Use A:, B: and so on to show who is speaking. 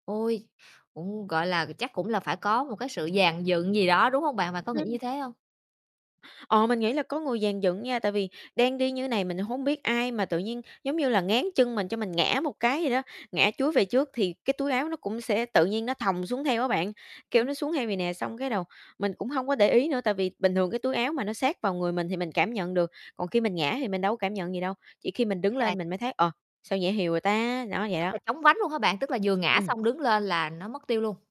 A: Ôi, cũng, gọi là, chắc cũng là phải có một cái sự dàn dựng gì đó, đúng hông bạn? Bạn có nghĩ như
B: Ừm.
A: thế hông?
B: Ờ, mình nghĩ là có người dàn dựng nha, tại vì đang đi như này mình hông biết ai mà tự nhiên, giống như là, ngáng chân mình cho mình ngã một cái vậy đó, ngã chúi về trước, thì cái túi áo nó cũng sẽ tự nhiên nó thòng xuống theo á bạn, kiểu,
A: Ừm.
B: nó xuống theo vầy nè. Xong cái đầu mình cũng hông có để ý nữa, tại vì bình thường cái túi áo mà nó sát vào người mình thì mình cảm nhận được, còn khi mình ngã thì mình đâu cảm nhận gì đâu, chỉ khi
A: Ừm.
B: mình đứng
A: [unintelligible]
B: lên mình mới thấy: "Ờ, sao nhẹ hều à ta", đó, vậy
A: Tức
B: đó.
A: là chóng vánh luôn hả bạn? Tức là vừa ngã
B: Ừm.
A: xong đứng lên là nó mất tiêu luôn?